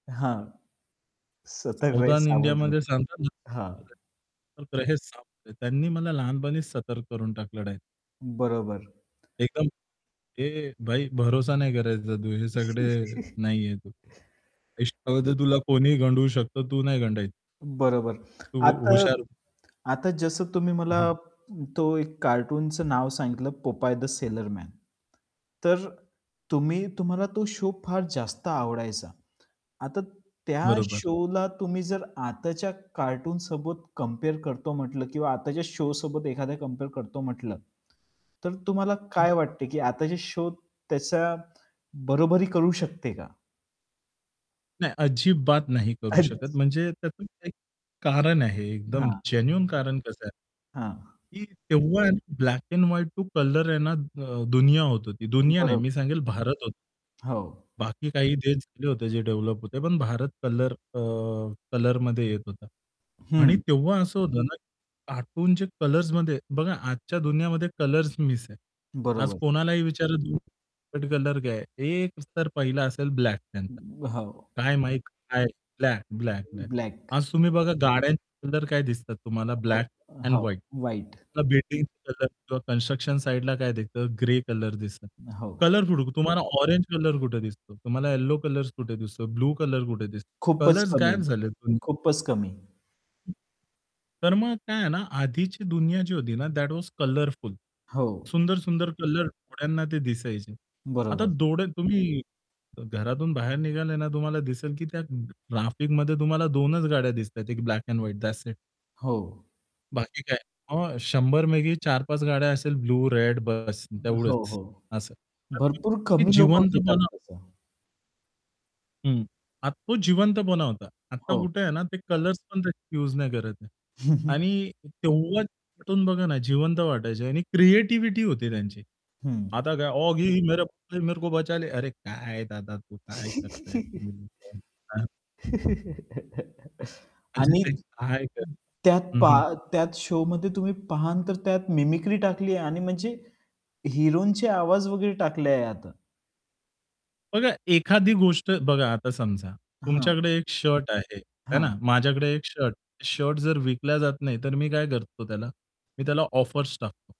हां. सतक रहे सावधान सावध इंडियामध्ये रहे सांगतात हां. ना [unintelligible] त्यांनी मला लहानपणीच सतर्क करून टाकलेलं आहे. बरोबर. एकदम "ए भाई भरोसा नाही करायचा तू हे सगळे नाहीये. आयुष्यमध्ये तुला कोणीही गंडवू शकत तू नाही गंडायचं." बरोबर. तू आता हुशार आता जसं तुम्ही हं, मला हं. तो एक कार्टूनचं नाव सांगितलं "पोपाय द सेलर मॅन." तर तुम्ही तुम्हाला तो शो फार जास्त आवडायचा. आता त्या बरोबर. शोला तुम्ही जर आताच्या कार्टून सोबत कंपेअर करतो म्हंटलं किंवा आताच्या शो सोबत एखाद्या कंपेअर करतो म्हंटलं, तर तुम्हाला काय वाटते की आता जे शो त्याचा बरोबरी करू शकते का? नाही अजिबात नाही करू अच शकत. म्हणजे त्यातून एक कारण आहे एकदम हां. जेन्युइन कारण कसं आहे हां. की तेव्हा आहे ना, black and white to colour आहे ना अ, दुनिया होत होती. दुनिया नाही बरं. मी सांगेल भारत हो हो. बाकी काही ते झाले होते जे डेव्हलप होते पण भारत कलर अ, कलरमध्ये येत होता. आणि हं. तेव्हा असं होतं ना, कार्टूनचे कलर्समध्ये बघा आजच्या दुनियामध्ये कलर्स मिस आहे. आज बरोबर. कोणालाही विचार तुमचा फेवरेट कलर काय आहे एक उत्तर पहिला असेल ब्लॅक त्यांचा. हो. काय माहीत काय ब्लॅक, ब्लॅक, ब्लॅक. ब्लॅक. आज तुम्ही बघा गाड्यांचे कलर काय दिसतात तुम्हाला हो, ब्लॅक एंड हो. व्हाईट. व्हाईट. बिल्डिंगचा कलर किंवा कन्स्ट्रक्शन साइडला काय दिसतं ग्रे कलर दिसतात. हो. कलर [unintelligible] तुम्हाला ऑरेंज कलर कुठे दिसतो? तुम्हाला येलो कलर कुठे दिसतो? ब्लू कलर कुठे दिसतो? खूपच कलर्स कमी, गायब झालेत. [unintelligible] खूपच कमी. तर मग काय आहे ना, आधीची दुनिया जी होती ना, दॅट वॉज कलरफुल. हो. सुंदर सुंदर कलर डोळ्यांना ते दिसायचे. आता बरोबर. डोळे तुम्ही अ, घरातून बाहेर निघाले ना तुम्हाला दिसेल की त्या ट्रॅफिकमध्ये तुम्हाला 2 च गाड्या दिसतायेत एक black and white that's it. हो. बाकी काय, अ, 100 पैकी 4-5 गाड्या असेल ब्लू रेड बस हो, तेवढंच हो. असं. तर भरपूर ते कमी लोकं घेतात जिवंतपणा तसं. हं. आता तो जिवंतपणा होता. आता हो. कुठे आहे ना, ते कलर्स पण [unintelligible] यूज नाही करत आहे. आणि तेव्हाच [unintelligible] बघा ना, जिवंत वाटायचे आणि क्रिएटिव्हिटी होती त्यांची. हं. आता काय ऑगी हो मेरे मेरे को बचाले अरे काय दादा तू काय करताय तुम्ही लोकं हां. म्हणजे आणि ते काय करताय त्यात हं, हं. पहा त्यात शोमध्ये तुम्ही पाहाल तर त्यात मिमिक्री टाकली आहे आणि म्हणजे हिरोंचे आवाज वगैरे टाकले आहे आता. बघा, एखादी गोष्ट बघा आता समजा हां. तुमच्याकडे एक शर्ट आहे, आहे हां. ना, माझ्याकडे एक शर्ट, शर्ट जर विकला जात नाही तर मी काय करतो त्याला? मी त्याला ऑफर्स टाकतो.